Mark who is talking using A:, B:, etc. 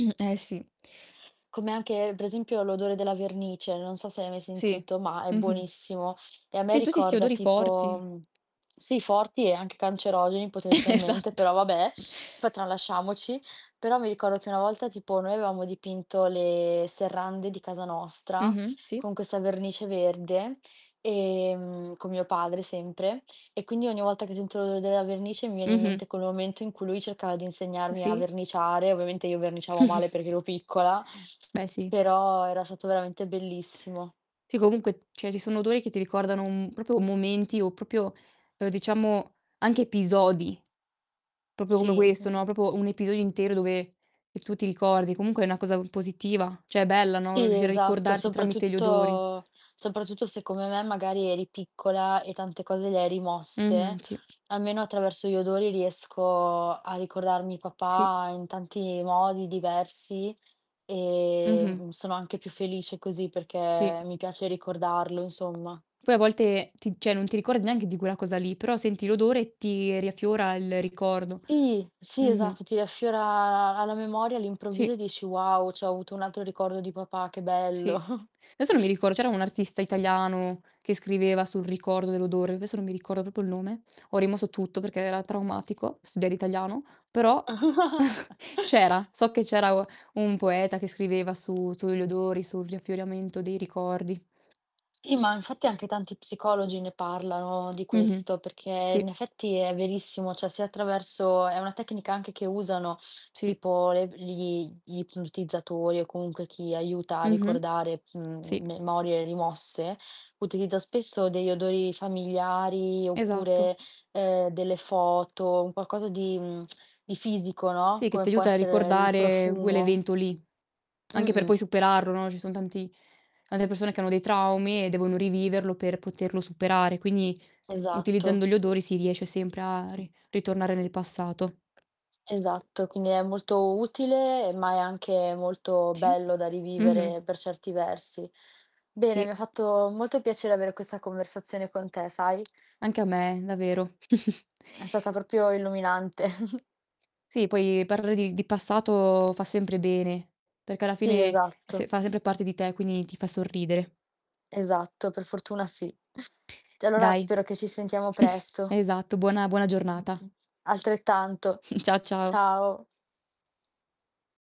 A: Mh. Eh, sì.
B: Come anche, per esempio, l'odore della vernice, non so se l'hai mai
A: Sì.
B: sentito, ma è
A: Mh-mh.
B: buonissimo, e a me
A: Sì, tutti 'sti
B: ricorda
A: odori
B: tipo,
A: forti.
B: mhmm Sì, forti e anche cancerogeni potenzialmente,
A: Esatto!
B: però, vabbè, fa tralasciamoci. Però, mi ricordo che una volta, tipo, noi avevamo dipinto le serrande di casa nostra
A: Mh-mh. Sì.
B: con questa vernice verde, ehm, con mio padre sempre, e quindi ogni volta che sentivo l'odore della vernice mi viene in
A: Mh-mh.
B: mente quel momento in cui lui cercava di insegnarmi a
A: Sì.
B: verniciare, ovviamente io verniciavo male perché ero piccola,
A: Beh, sì.
B: però era stato veramente bellissimo.
A: Sì, comunque cioè, ci sono odori che ti ricordano
B: Sì.
A: un proprio momenti, o proprio uhm, diciamo, anche episodi, proprio come come quelli
B: Sì.
A: che
B: Mh.
A: sono proprio un episodio intero dove e tu ti ricordi. Comunque è una cosa u positiva, cioè bella, no,
B: Sì,
A: riuscire a
B: esatto,
A: ricordarsi tramite gli odori.
B: soprattutto soprattutto se, come me, magari, eri piccola e tante cose le hai
A: Mh-mh.
B: rimosse,
A: Sì.
B: almeno attraverso gli odori riesco a ricordarmi
A: Sì.
B: papà in tanti modi diversi e,
A: Mh-mh.
B: mhmm, sono anche più felice così perché
A: Sì.
B: mi piace ricordarlo, insomma.
A: Poi, a volte ti cioè, non ti ricordi neanche di quella cosa lì, però senti l'odore e ti riaffiora il ricordo.
B: Sì! Sì,
A: Mh-mh.
B: esatto, ti riaffiora alla memoria all'improvviso
A: Sì.
B: e dici: "Wow, c'ho avuto un altro ricordo di papà, che bello!"
A: Sì. Adesso non mi ricordo, c'era un artista italiano che scriveva sul ricordo dell'odore, adesso non mi ricordo proprio il nome, ho rimosso tutto perché era traumatico studiare italiano, però, c'era, so che c'era o un poeta che scriveva su sugli odori, su riaffioramento dei ricordi.
B: Sì, ma infatti anche tanti psicologi ne parlano di
A: Mh-mh.
B: questo, perché
A: Sì.
B: in effetti è verissimo. Cioè, se attraverso è una tecnica anche che usano,
A: Sì.
B: tipo, l gli gli ipnotizzatori o comunque chi aiuta a
A: Mh-mh.
B: ricordare,
A: Sì.
B: mhmm, memorie rimosse, utilizza spesso degli odori familiari
A: Esatto.
B: oppure, ehm, delle foto, un qualcosa di mhmm, di fisico, no,
A: Sì, che
B: come
A: ti
B: può
A: aiuta a
B: essere il
A: ricordare quell'
B: profumo.
A: evento lì, anche per
B: Mh-mh.
A: poi superarlo, no, ci son tanti ante persone che hanno dei traumi e devono riviverlo per poterlo superare, quindi
B: Esatto.
A: utilizzando gli odori si riesce sempre a ri ritornare nel passato.
B: Esatto, quindi è molto utile, ma è anche molto
A: Sì.
B: bello da
A: Mh-mh.
B: rivivere, per certi versi. Bene, mi
A: Sì.
B: ha fatto molto piacere avere questa conversazione con te, sai?
A: Anche a me, davvero.
B: È stata proprio illuminante.
A: Sì. Poi, parlare di di passato fa sempre bene, perché alla
B: Sì,
A: fine è se
B: esatto.
A: fa sempre parte di te, quindi ti fa sorridere.
B: Esatto, per fortuna sì. Cioè, allora,
A: Dai.
B: spero che ci sentiamo presto.
A: Esatto, buona buona
B: Mh. Mh.
A: giornata.
B: Altrettanto,
A: Cia ciao.
B: ciao.